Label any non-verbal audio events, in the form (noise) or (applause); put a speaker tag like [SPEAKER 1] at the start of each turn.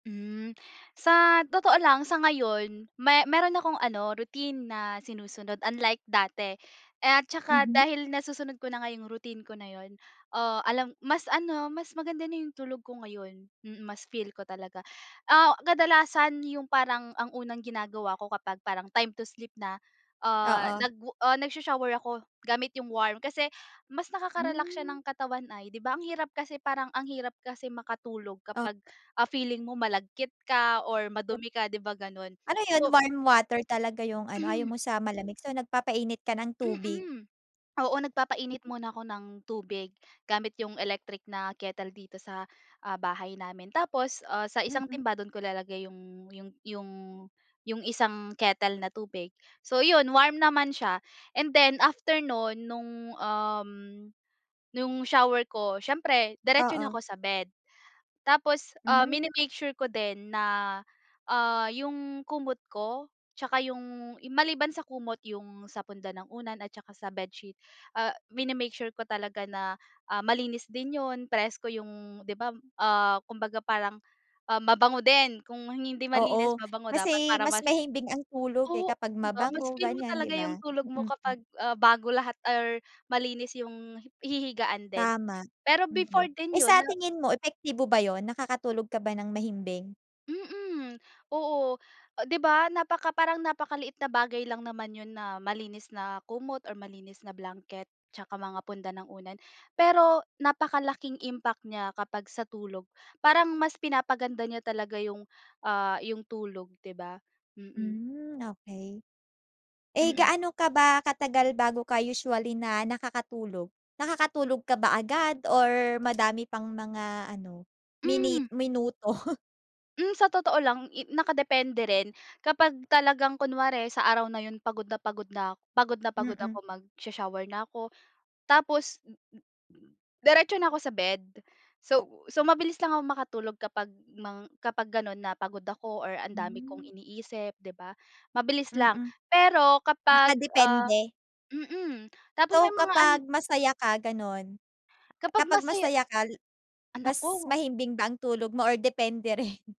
[SPEAKER 1] Hmm. Sa totoo lang, sa ngayon me mayro'n akong ano, routine na sinusunod, unlike dati. At saka
[SPEAKER 2] Mhm.
[SPEAKER 1] dahil nasusunod ko na nga yung routine ko na yun, ah, alam mas ano, mas maganda na yung tulog ko ngayon. Mm, mas feel ko talaga. Ah, kadalasan yung parang ang unang ginagawa ko kapag parang time to sleep na, ah,
[SPEAKER 2] Oo.
[SPEAKER 1] nag ah, nagsho-shower ako gamit yung warm, kasi mas nakakarelax siya
[SPEAKER 2] Hmm.
[SPEAKER 1] ng katawan ay. 'Di ba, ang hirap kasi parang ang hirap kasi makatulog
[SPEAKER 2] Oh.
[SPEAKER 1] kapag, ah, feeling mo malagkit ka or madumi ka, 'di ba ganun?
[SPEAKER 2] Ano yun?
[SPEAKER 1] So
[SPEAKER 2] Warm water talaga yung ano, ayaw
[SPEAKER 1] (coughs)
[SPEAKER 2] mo sa malamig? So, nagpapainit ka ng tubig?
[SPEAKER 1] Mm. Oo, nagpapainit muna ako ng tubig gamit yung electric na kettle dito sa, ah, bahay namin. Tapos, ah, sa isang
[SPEAKER 2] Mm.
[SPEAKER 1] timba, do'n ko ilalagay yung yung yung yung isang kettle na tubig. So yun, warm naman siya, and then after no'n nung, um, nung shower ko, siyempre diretso na
[SPEAKER 2] Oo.
[SPEAKER 1] ako sa bed. Tapos, ah,
[SPEAKER 2] Hmm.
[SPEAKER 1] mini-make sure ko din na, ah, yung kumot ko tsaka yung maliban sa kumot, yung sa punda ng unan at saka sa bedsheet, ah, mini-make sure ko talaga na, ah, malinis din yun, presko yung di ba, ah, kumbaga parang, ah, mabango din. Kung hindi malinis,
[SPEAKER 2] Oo.
[SPEAKER 1] mabango dapat
[SPEAKER 2] Kasi
[SPEAKER 1] para
[SPEAKER 2] mas
[SPEAKER 1] mas
[SPEAKER 2] mahimbing ang tulog eh
[SPEAKER 1] Oo,
[SPEAKER 2] kapag
[SPEAKER 1] di ba? Mas
[SPEAKER 2] mabango,
[SPEAKER 1] feel mo
[SPEAKER 2] ganyan di
[SPEAKER 1] talaga yung
[SPEAKER 2] ba?
[SPEAKER 1] tulog mo
[SPEAKER 2] Mm, mm.
[SPEAKER 1] kapag, ah, bago lahat or malinis yung hi hihigaan din.
[SPEAKER 2] Tama.
[SPEAKER 1] Pero before
[SPEAKER 2] Mm.
[SPEAKER 1] din
[SPEAKER 2] Eh
[SPEAKER 1] yun
[SPEAKER 2] sa
[SPEAKER 1] na
[SPEAKER 2] tingin mo, epektibo ba yun? Nakakatulog ka ba nang mahimbing?
[SPEAKER 1] Mm. Oo. 'Di ba napaka parang napakaliit na bagay lang naman yun na malinis na kumot or malinis na blanket tsaka mga punda ng unan. Pero napakalaking impact niya kapag sa tulog. Parang mas pinapaganda niya talaga yung, ah yung tulog, 'di ba? Mm.
[SPEAKER 2] Hmm, okey. Eh
[SPEAKER 1] Mm.
[SPEAKER 2] gaano ka ba katagal bago ka usually na nakakatulog? Nakakatulog ka ba agad or madami pang mga ano, mini
[SPEAKER 1] Hmm.
[SPEAKER 2] minuto. (chuckles)
[SPEAKER 1] Hmm, sa totoo lang, i nakadepende rin. Kapag talagang kunwari sa araw na yun pagod na pagod na pagod na pagod
[SPEAKER 2] Mm.
[SPEAKER 1] ako, magsho-shower na ako, tapos mm, mm, mm, diretso na ako sa bed. So so mabilis lang ako makatulog kapag mang kapag ganon na pagod ako or ang dami kong
[SPEAKER 2] Hmm.
[SPEAKER 1] iniisip, 'di ba. Mabilis lang.
[SPEAKER 2] Mm.
[SPEAKER 1] Pero kapag, ah
[SPEAKER 2] Nakadepende?
[SPEAKER 1] mm. Tapos may
[SPEAKER 2] So,
[SPEAKER 1] mga ano
[SPEAKER 2] kapag masaya ka ganun
[SPEAKER 1] Kapag
[SPEAKER 2] kapag
[SPEAKER 1] masaya
[SPEAKER 2] masaya ka,
[SPEAKER 1] Ah,
[SPEAKER 2] mas
[SPEAKER 1] naku
[SPEAKER 2] mahimbing ba ang tulog mo or depende rin? (chuckles)